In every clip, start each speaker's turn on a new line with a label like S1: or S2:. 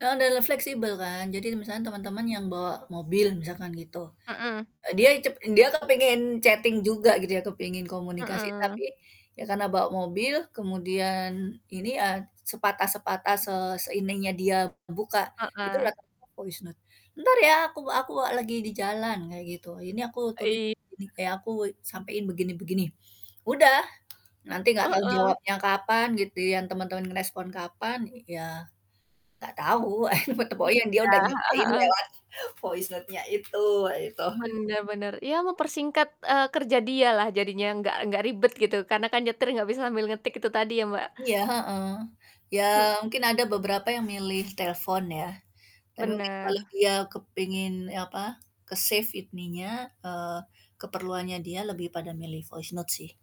S1: Heeh, dan le fleksibel, kan. Jadi misalnya teman-teman yang bawa mobil misalkan, gitu.
S2: Hmm.
S1: Eee, dia cep dia kan pengen chatting juga gitu ya, kepingin komunikasi. Tapi
S2: Hmm.
S1: ya karena bawa mobil kemudian ini ya, sepatah-sepatah
S2: Mmm.
S1: se seininya dia buka itulah
S2: Heeh.
S1: tampak voice note, "Entar ya aku aku lagi di jalan," kayak, gitu. Ini aku tulip
S2: Eee, i
S1: gini kayak aku sampein begini begini. Udah nanti nggak tau
S2: Heeh.
S1: jawabnya kapan gitu yang temen-temen ngerespon kapan, ya, nggak tau
S2: Iya,
S1: [unintelligible] dia udah
S2: heeh
S1: nyampain
S2: heeh.
S1: lewat voice note, itu wah itu.
S2: Bener bener. Iya mempersingkat, eee, kerja dia lah jadinya nggak nggak ribet gitu. Karena kan nyetir nggak bisa sambil ngetik itu tadi ya, Mbak.
S1: Iya. Heeh. Ya,
S2: Hmm.
S1: mungkin ada beberapa yang milih telepon, ya. Tapi mungkin kalau
S2: Bener.
S1: dia kepingin apa ke save ininya, eee, keperluannya dia lebih pada milih voice note, sih.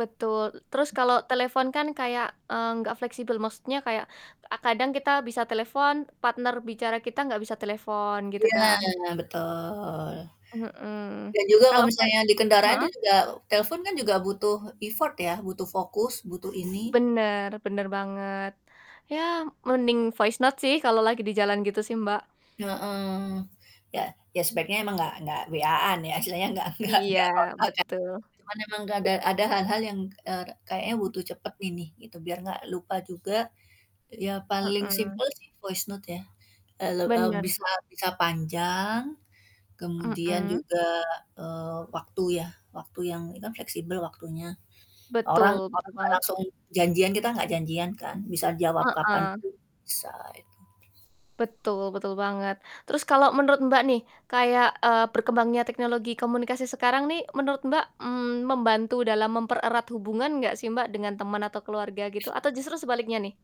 S2: Betul, terus kalau telepon kan kayak, eee, nggak fleksibel. Maksudnya kayak, eee, kadang kita bisa telepon, partner bicara kita nggak bisa telepon gitu
S1: Iya
S2: kan.
S1: betul.
S2: Mhm.
S1: Dan juga kalau
S2: Kalau voi
S1: misalnya di kendaraan itu,
S2: hmm?
S1: juga, telepon kan juga butuh effort ya, butuh fokus butuh ini.
S2: Bener bener banget. Ya, mending voice note, sih kalau lagi di jalan gitu sih, Mbak.
S1: Heeh. Ya ya, sebaiknya emang nggak nggak WA-an ya, istilahnya nggak nggak
S2: Iya,
S1: nggak kontakan,
S2: betul.
S1: cuman emang nggak ada ada hal-hal yang, eee, ka kayaknya
S2: Mmm.
S1: butuh cepet ini gitu, biar nggak lupa juga, ya paling
S2: Hmm.
S1: simpel sih, voice note, ya, eee, le eee,
S2: Bener.
S1: bisa bisa panjang kemudian
S2: Hmm.
S1: juga, eee, waktu, ya waktu yang ini kan fleksibel waktunya. Orang
S2: Betul betul
S1: orang nggak
S2: banget.
S1: langsung janjian, kita nggak janjian, kan, bisa jawab kapan
S2: Heeh.
S1: pun bisa, itu.
S2: Betul betul banget. Terus kalau menurut, Mbak, nih kayak, eee, berkembangnya teknologi komunikasi sekarang nih menurut, Mbak, mmm, membantu dalam mempererat hubungan nggak sih, Mbak, dengan teman atau keluarga, gitu? Atau justru sebaliknya nih?